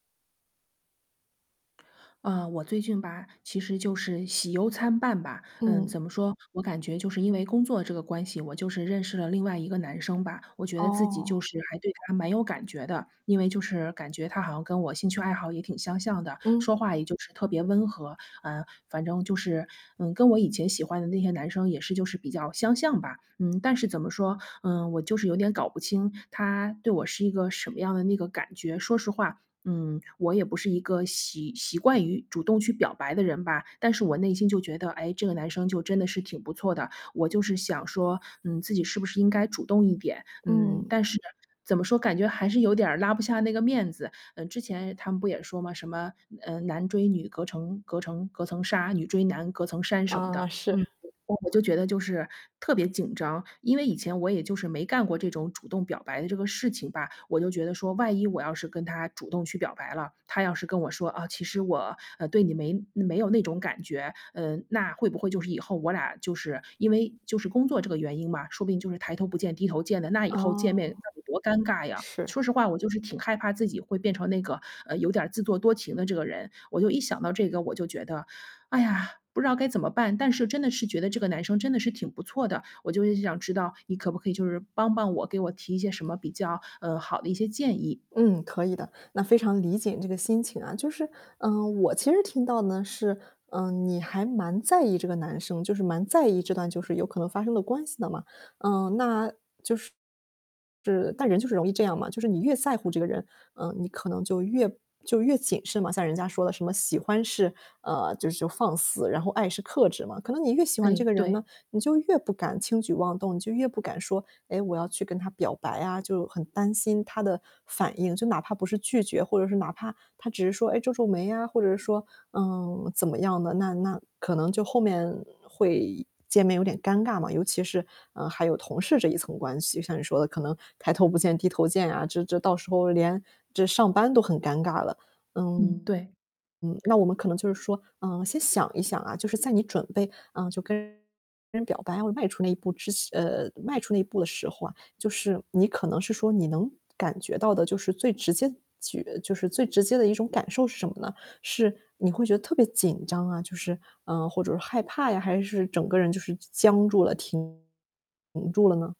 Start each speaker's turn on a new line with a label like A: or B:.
A: 啊，我最近吧，其实就是喜忧参半吧。嗯，怎
B: 嗯。
A: 么说，我感觉就是因为工作这个关系，我就是认识了另外一个男生吧，我觉得自己就
B: 哦。
A: 是还对他还蛮有感觉的，因为就是感觉他好像跟我兴趣爱好也挺相像的，
B: 嗯。
A: 说话也就是特别温和，啊，反正就是，嗯，跟我以前喜欢的那些男生也是就是比较相像吧。嗯，但是怎么说，嗯，我就是有点搞不清，他对我是一个什么样的那个感觉。说实话，嗯，我也不是一个习习惯于主动去表白的人吧，但是我内心就觉得，诶，这个男生就真的是挺不错的，我就是想说，嗯，自己是不是应该主动一点？嗯，
B: 嗯。
A: 但是，怎么说，感觉还是有点儿拉不下那个面子。呃，之前他们不也说嘛，什么，呃，男追女，隔成隔成隔层纱，女追男，隔层山什么
B: 啊，
A: 的，嗯，
B: 是。
A: 我就觉得就是特别紧张。因为以前我也就是没干过这种主动表白的这个事情吧，我就觉得说，万一我要是跟他主动去表白了，他要是跟我说："啊，其实我，呃，对你没没有那种感觉。”嗯，那会不会就是以后我俩就是因为就是工作这个原因吧，说不定就是抬头不见低头见的，那以后
B: 哦。
A: 见面那得多尴尬呀。
B: 是。
A: 说实话我就是挺害怕自己会变成那个，呃，有点自作多情的这个人，我就一想到这个，我就觉得，哎呀，不知道该怎么办。但是真的是觉得这个男生真的是挺不错的，我就是想知道，你可不可以就是帮帮我，给我提一些什么比较，呃，好的一些建议。
B: 嗯，可以的，那非常理解你这个心情啊。就是，嗯，我其实听到呢是，嗯，你还蛮在意这个男生，就是蛮在意这段就是有可能发生的关系的嘛。嗯，那就是但人就是容易这样嘛，就是你越在乎这个人，嗯，你可能就越就越谨慎嘛。像人家说的什么喜欢是，呃，就是就是放肆，然后爱是克制嘛。可能你越喜欢这
A: 哎，
B: 个人
A: 对。
B: 呢，你就越不敢轻举妄动，你就越不敢说，诶，我要去跟他表白啊，就很担心他的反应。就哪怕不是拒绝，或者是哪怕他只是说，哎，皱皱眉啊，或者说，嗯，怎么样的，那那可能就后面会见面有点尴尬嘛。尤其是，嗯，还有同事这一层关系，像你说的可能抬头不见低头见啊，这这到时候连这上班都很尴尬了。
A: 嗯，
B: 嗯，
A: 对。
B: 嗯，那我们可能就是说，嗯，先想一想啊，就是在你准备，嗯，就跟人表白，要迈出那一步之呃，迈出那一步的时候啊，就是你可能是说你能感觉到的就是最直接取就是最直接的一种感受是什么呢？是你会觉得特别紧张啊，就是，啊，或者是说害怕呀，还是整个人就是僵僵住了、停住了呢？